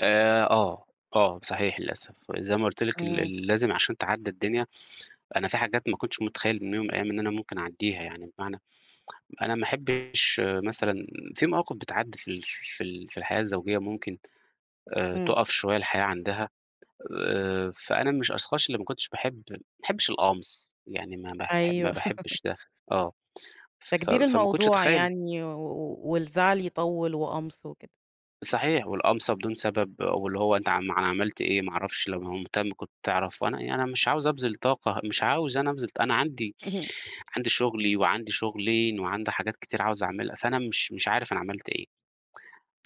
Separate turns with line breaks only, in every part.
آآ، آه، آه، صحيح للأسف، وزي ما قُلت لِك
إمم.
ل لازم عشان تعدّي الدنيا أنا في حاجات ما كنتش متخيل من يوم من الأيام إن أنا ممكن اعدّيها يعني، بمعنى أنا ما أحبش مثلًا في مواقف بتعدّي في ال في ال في الحياة الزوجية ممكن آآ
إمم.
تقف شوية الحياة عندها آآ، فأنا من الأشخاص اللي ما كنتش باحب ما احبش القمص يعني ما باح ما
أيوه.
باحبش ده آه ف
تكبير
فما كنتش
الموضوع
اتخيل
يعني و والزعل يطوّل وقمص وكده.
صحيح، والقمصة بدون سبب واللي هو أنت عم ما ما عملت إيه ما اعرفش لو مه مهتم كنت تعرف، أنا يعني أنا مش عاوز أبذِل طاقة مش عاوز أنا أبذِل ط أنا عندي
اهم.
عندي شغلي وعندي شغلين وعندي حاجات كتير عاوز اعملها فأنا مش مش عارف أنا عملت إيه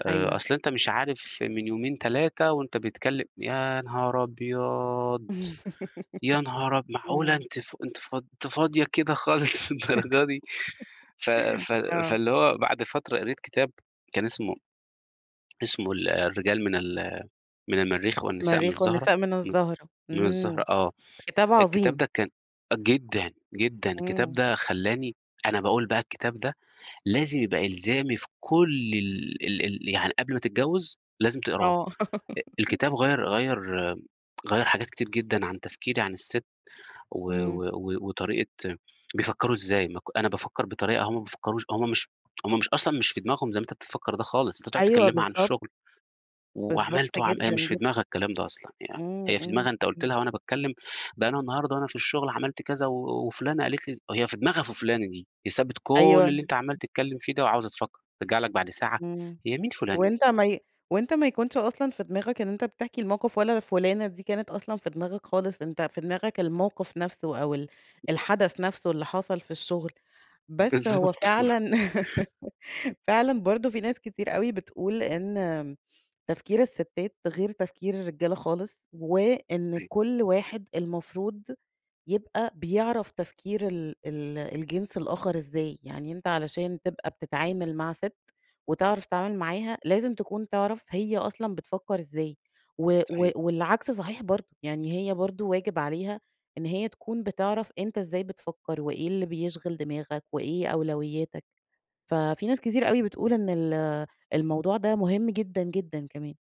آآ،
أيوه.
أصل أنت مش عارف من يومين 3 وأنت بتكلم يا نهار
إمم.
أبيض! يا نهار أب معقولة
إمم.
أنتِ ف أنتِ ف أنتِ فاضية كده خالص للدرجة دي؟ ف ف
آه.
فاللي هو بعد فترة قريت كتاب كان اسمه اسمه ال الرجال من ال من المرّيخ والنساء من
مرّيخ
الزهرة
والنساء من
من
الزهرة،
من
إمم،
الزهرة آه،
كتاب
الكتاب
عظيم.
ده كان أ جدًا، جدًا، الكتاب
إمم.
ده خلّاني أنا باقول بقى الكتاب ده لازم يبقى إلزامي في كل ال ال ال يعني قبل ما تتجوّز لازم تقراه
آه.
أ الكتاب غيّر غيّر غيّر حاجات كتير جدًا عن تفكيري عن الست و
إمم.
و و وطريقة بيفكّروا إزاي ما ك أنا بافكّر بطريقة هُم ما بيفكّروش هُم مش هُم مش أصلًا مش في دماغهم زي ما أنتِ بتفكّر ده خالص، أنتِ تقعُد
أيوه،
تكلمها عن
بالضبط.
الشغل
بالضبط
وعملِت وعم هي
جدًا،
مش في
جدًا.
دماغها الكلام ده أصلًا، يعني
إمم،
هي في
إمم.
دماغها أنت قُلت
إمم.
لها وأنا باتكلم ده أنا النهاردة وأنا في الشغل عملت كذا و وفُلانة قالت لي أز هي في دماغها في فُلانة دي هي سابت كل
أيوه.
اللي أنت عمّال تتكلم فيه ده وعاوزة تفكّر ترجع لك بعد ساعة
إمم.
هي مين فُلانة دي؟
وأنت ما ي وأنت ما يكونش أصلًا في دماغك إن أنت بتحكي الموقف، ولا فُلانة دي كانت أصلًا في دماغك خالص، أنت في دماغك الموقف نفسه أو ال الحدث نفسه اللي حصل في الشغل، بس هو
بالضبط.
فعلًا فعلًا برضه في ناس كتير أوي بتقول إن تفكير الستات غير تفكير الرجال خالص، وإن
أيوه.
كل واحد المفروض يبقى بيعرف تفكير ال ال الجنس الآخر إزاي، يعني أنت علشان تبقى بتتعامل مع ست، وتعرف تتعامل معاها لازم تكون تعرف هي أصلًا بتفكّر إزاي، و و
صحيح.
والعكس صحيح برضه، يعني هي برضه واجب عليها إن هي تكون بتعرف أنت إزاي بتفكّر، وإيه اللي بيشغل دماغك، وإيه أولوياتك، ففي ناس كتير أوي بتقول
إمم.
إن ال الموضوع ده مهم جدًا، جدًا كمان.